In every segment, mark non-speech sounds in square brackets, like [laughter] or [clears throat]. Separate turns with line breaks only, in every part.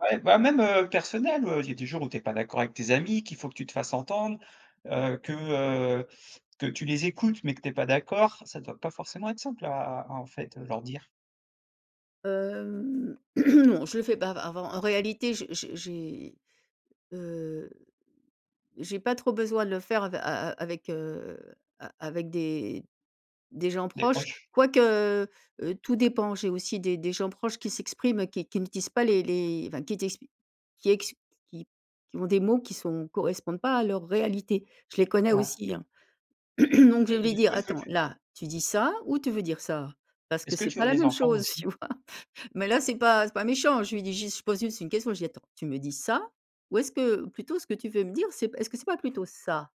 Ouais, bah, même, heu, personnel. Heu, il y a des jours où tu es pas d'accord avec tes amis, qu'il faut que tu te fasses entendre, heu, que, heu, que tu les écoutes, mais que tu es pas d'accord, ça doit pas forcément être simple à à à, en fait, heu leur dire.
Hem, [clears throat] non, je le fais pas av avant. En réalité, j'ai j'ai j'ai, heu, j'ai pas trop besoin de le faire av a a avec heu, a avec des des gens
Des
proches,
proches.
quoique, heu, tout dépend. J'ai aussi des des gens proches qui s'expriment, qui qui n'utilisent pas les les enfin, qui t'exp qui ex qui qui ont des mots qui sont correspondent pas à leur réalité. Je les connais
Ouais.
aussi, hein. [clears throat] Donc je
Et et
vais
du
dire:
coup, est-ce que
«Attends,
tu
là, tu dis ça ou tu veux dire ça? Parce que
Est-ce que
c'est
tu
pas
as
la
des
même
enfants, b
chose».
aussi?
tu vois? [laughs] mais là, c'est pas c'est pas méchant. Je lui dis juste je pose juste une question. Je dis: «Attends, tu me dis ça? Ou est-ce que, plutôt ce que tu veux me dire, c'est p est-ce que c'est pas plutôt ça?».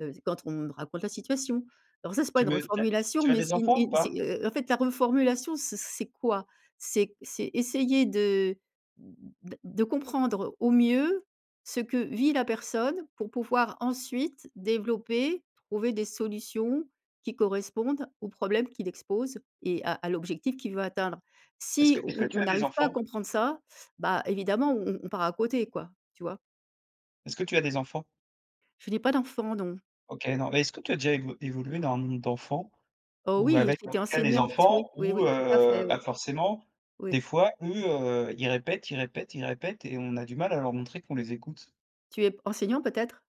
Heu c quand on me raconte la situation. Alors ça, c'est pas
Tu
une
me tu as
reformulation,
tu as
mais
des
c'est une
enfants, ou
c'est,
pas?
heu, en fait, la reformulation, c'est c'est quoi? C'est c'est essayer de d de comprendre au mieux, ce que vit la personne, pour pouvoir, ensuite, développer, trouver des solutions qui correspondent aux problèmes qu'il expose et à à l'objectif qu'il veut atteindre.
Est-ce
Si
que est-ce que
on
tu
on
as des
arrive pas à
enfants?
comprendre ça, bah, évidemment, on on on part à côté quoi, tu vois?
Est-ce que tu as des enfants?
Je n'ai pas d'enfants, non.
OK, non. Bah, est-ce que tu as déjà év évolué dans un monde d'enfants?
Oh
Ou
oui,
avec, en
j'étais
tout cas, des
enseignante,
enfants
oui. Oui,
où,
oui, tout à fait,
heu,
oui.
bah, forcément
Oui.
des fois eux, heu, ils répètent, ils répètent, ils répètent et on a du mal à leur montrer qu'on les écoute?
Tu es p enseignant, peut-être?